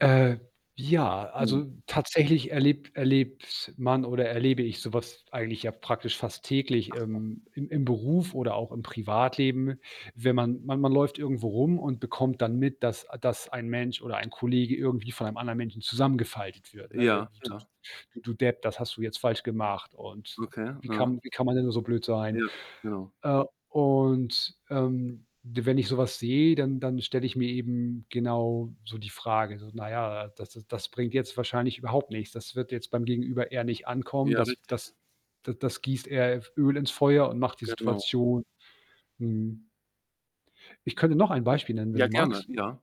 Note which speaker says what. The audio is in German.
Speaker 1: Äh, ja,
Speaker 2: Hm.
Speaker 1: also, tatsächlich erleb erlebt man oder erlebe ich so was eigentlich, ja, praktisch fast täglich
Speaker 2: Ach so.
Speaker 1: im im im Beruf oder auch im Privatleben. Wenn man man man läuft irgendwo rum und bekommt dann mit, dass dass ein Mensch oder ein Kollege irgendwie von einem anderen Menschen zusammengefaltet wird, ne? „J
Speaker 2: Ja,
Speaker 1: d
Speaker 2: ja.
Speaker 1: d du Depp, das hast du jetzt falsch gemacht.“ Und
Speaker 2: Okay,
Speaker 1: „Wie
Speaker 2: aha.
Speaker 1: kann wie kann man denn nur so blöd sein?“
Speaker 2: Ja. Genau.
Speaker 1: Äh, und, ähm, d wenn ich so was sehe, dann dann stelle ich mir eben genau so die Frage so: „Na ja, das das das bringt jetzt wahrscheinlich überhaupt nichts. Das wird jetzt beim Gegenüber eher nicht ankommen.
Speaker 2: Ja,
Speaker 1: Das
Speaker 2: richtig.
Speaker 1: das da das gießt eher F Öl ins Feuer und macht die
Speaker 2: Genau.
Speaker 1: Situation“ mhm. Ich könnte noch ein Beispiel nennen, wenn
Speaker 2: Ja,
Speaker 1: du
Speaker 2: gerne,
Speaker 1: magst.
Speaker 2: ja.